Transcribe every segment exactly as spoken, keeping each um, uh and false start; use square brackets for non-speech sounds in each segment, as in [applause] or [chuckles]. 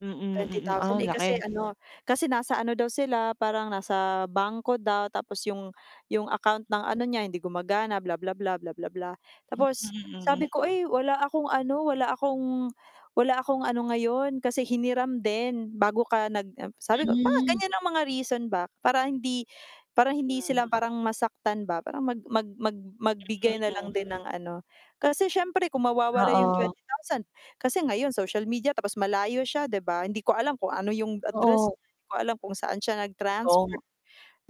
Mm, Twenty mm, thousand, ah, eh, kasi laki. ano, kasi nasa ano daw sila, parang nasa bangko daw, tapos 'yong 'yong account ng ano niya, hindi gumagana, bla bla bla, bla bla bla. Mm. Tapos sabi Mm. ko, "Ay, wala akong ano, wala akong wala akong ano ngayon, kasi hiniram din bago ka nag" um, sabi ko. Parang Hmm. ganyan ang mga reason ba, para hindi para hindi Mm. sila parang masaktan ba? Parang mag mag mag magbigay na Mm. lang din ng ano. Kasi siyempre kung mawawala 'yong Oo. twenty thousand kasi ngayon social media, tapos malayo siya, 'di ba? Hindi ko alam kung ano 'yong address Oo. niya, 'di ko alam kung saan siya nag Totoo nga. transfer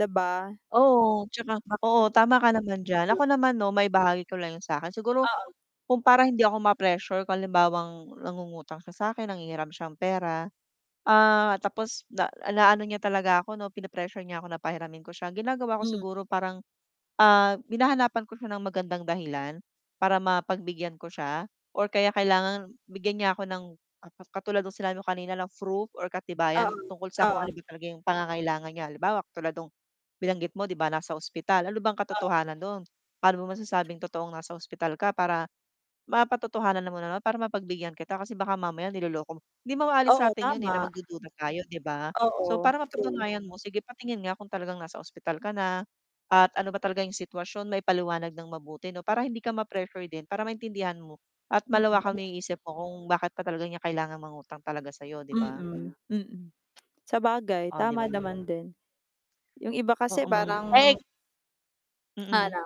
'di ba? Oo, 'tsaka Baka. oo, tama ka naman diyan. Ako naman 'no, maibahagi ko lang 'yong sa'kin. Siguro Oo. kung para hindi ako ma-pressure kung halimbawang nangungutang siya sa'kin, nanghihiram siyang pera, ah, tapos na naano niya talaga ako 'no, pine-pressure niya ako na pahiramin ko siya, ginagawa ko Hmm. siguro parang, ah, hinahanapan ko siya ng magandang dahilan para mapagbigyan ko siya or kaya kailangan bigyan niya ako ng ang ka katulad no'ng sinabi mo kanina na froof or Oo, katibayan tungkol sa kung ano oo. ba talaga 'yong pangangailangan niya. Halimbawa, katulad no'ng binanggit mo 'di ba? Nasa ospital, ano bang Oo. katotohanan doon? Paano mo masasabing totoong nasa ospital ka para mapatotohanan mo naman, para mapagbigyan kita kasi baka mamaya niloloko mo hindi mo aalis sa Oo, atin 'yon, eh, na tama. magdududa tayo, 'di ba? So Oo, para true. mapatunayan mo, sige, patingin nga kung talagang nasa ospital ka na at ano ba talaga 'yong sitwasyon, maipaliwanag nang mabuti 'no, para hindi ka ma-pressure din, para maintindihan mo at malawakan mo Mm. 'yong isip mo kung bakit pa talaga niya kailangang mangutang talaga sa'yo, 'di ba? Mm, mm. Sabagay, Oh, 'di tama ba? naman din. 'Yong iba kasi Oh, hmm, parang ek Mm. Hano?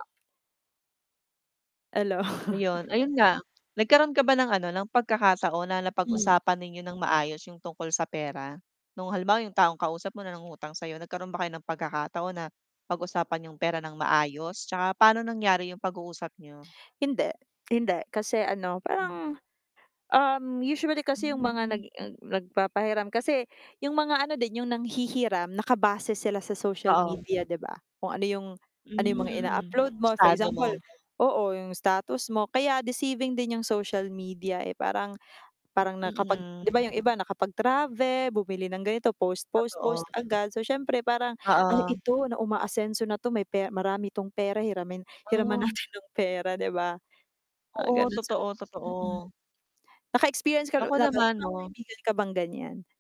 Ano. Ayun, [chuckles] ayun nga. Nagkaroon ka ba ng ano, ng pagkakataon na Hmm. napag-usapan ninyo nang maayos 'yong tungkol sa pera? No'ng halimbawa 'yong taong kausap mo nangungutang sa'yo, nagkaroon ba kayo ng pagkakataon na pag-usapan 'yong pera nang maayos 'tsaka paano nangyari 'yong pag-uusap niyo? Hindi. Hindi, kasi ano, Mhm. parang, um, usually kasi 'yong mga nag Hmm. nag nagpapahiram kasi 'yong mga ano din, 'yong nanghihiram nakabase sila sa social Oo. media, 'di ba? Kung ano 'yong Hmm, ano 'yong mga mm, ina-upload mo, for estado example, mo. oo 'yong status mo. Kaya deceiving din 'yong social media, eh, parang parang Hmm, nakapag 'di ba, mm. 'yong iba nakapag-trave bumili ng ganito, post, post, post Totoo. agad, so siyempre parang, "Ay, Oo. ito na umaasenso na 'to, may pe marami 'tong pera, hiramin hiraman Oh. natin ng pera," 'di ba? Mga Oo, ganon so, totoo, mm. totoo. Nakaexperience ka na Ako na ba, may naman, mga 'no. kaibigan ka bang ganiyan?